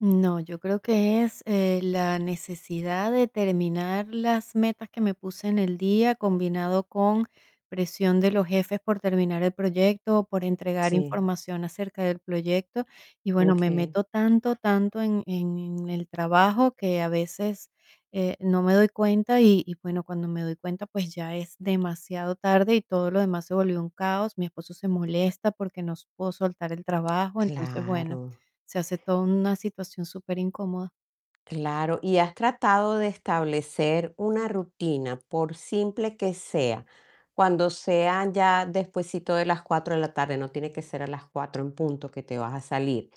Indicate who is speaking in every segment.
Speaker 1: No, yo creo que es, eh, la necesidad de terminar las metas que me puse en el día, combinado con presión de los jefes por terminar el proyecto, o por entregar
Speaker 2: Sí.
Speaker 1: información acerca del proyecto. Y bueno, me
Speaker 2: Okey.
Speaker 1: meto tanto, tanto en en en el trabajo que a veces, eh, no me doy cuenta, y y bueno, cuando me doy cuenta, pues, ya es demasiado tarde, y todo lo demás se volvió un caos. Mi esposo se molesta, porque no s puedo soltar el trabajo. Entonces, bueno,
Speaker 2: Claro.
Speaker 1: se hace toda una situación superincomoda.
Speaker 2: Claro, ¿y has tratado de establecer una rutina, por simple que sea? Cuando sean ya despuesito de las 4 de la tarde, no tiene que ser a las 4 en punto que te vas a salir,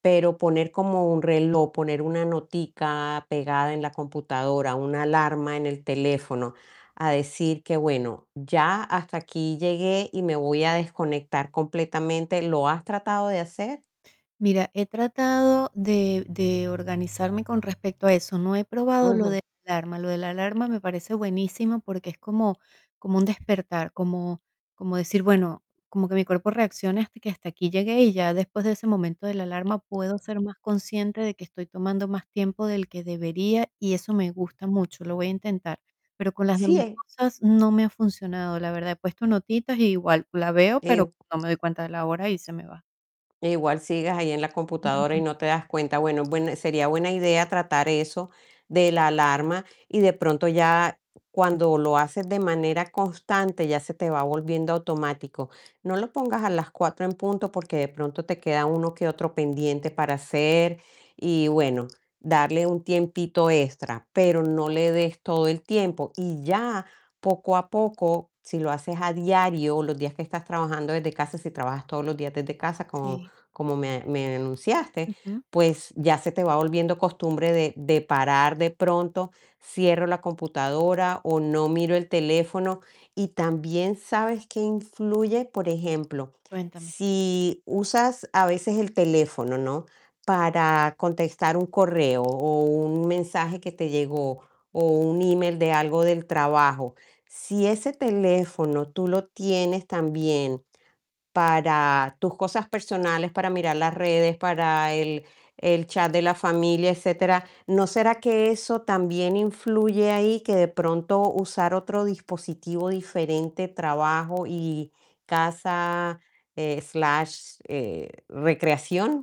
Speaker 2: pero poner como un reloj, poner una notica pegada en la computadora, una alarma en el teléfono, a decir que bueno, "Ya hasta aquí llegué, y me voy a desconectar completamente", ¿lo has tratado de hacer?
Speaker 1: Mira, he tratado de de organizarme con respecto a eso. No he probado lo
Speaker 2: Ujú.
Speaker 1: de la alarma. Lo de la alarma me parece buenísimo, porque es como como un despertar, como como decir: "Bueno, como que mi cuerpo reaccione hasta que hasta aquí llegué". Y ya después de ese momento de la alarma puedo ser más consciente de que estoy tomando más tiempo del que debería y eso me gusta mucho, lo voy a intentar. Pero con las
Speaker 2: Sí,
Speaker 1: demás
Speaker 2: eh
Speaker 1: cosas no me ha funcionado, la verdad. He puesto notitas y igual la veo,
Speaker 2: Eh,
Speaker 1: pero
Speaker 2: uh
Speaker 1: no me doy cuenta de la hora y se me va.
Speaker 2: Eh, igual sigues ahí en la computadora y
Speaker 1: Ujú.
Speaker 2: no te das cuenta. Bueno, buen sería buena idea tratar eso de la alarma, y de pronto ya cuando lo haces de manera constante ya se te va volviendo automático. No lo pongas a las 4 en punto, porque de pronto te queda uno que otro pendiente para hacer. Y bueno, darle un tiempito extra, pero no le des todo el tiempo. Y ya poco a poco, si lo haces a diario, los días que estás trabajando desde casa, si trabajas todos los días desde casa, como
Speaker 1: Sí.
Speaker 2: como me me enunciaste,
Speaker 1: Ujú.
Speaker 2: pues, ya se te va volviendo costumbre de de parar de pronto, cierro la computadora, o no miro el teléfono. Y también, ¿sabes qué influye? Por ejemplo,
Speaker 1: Cuéntame.
Speaker 2: si usas a veces el teléfono, ¿no? Para contestar un correo, o un mensaje que te llegó o un email de algo del trabajo. Si ese teléfono tú lo tienes también para tus cosas personales, para mirar las redes, para el el chat de la familia, etcétera, ¿no será que eso también influye ahí? Que de pronto usar otro dispositivo diferente, trabajo y casa, eh, slash, eh, recreación.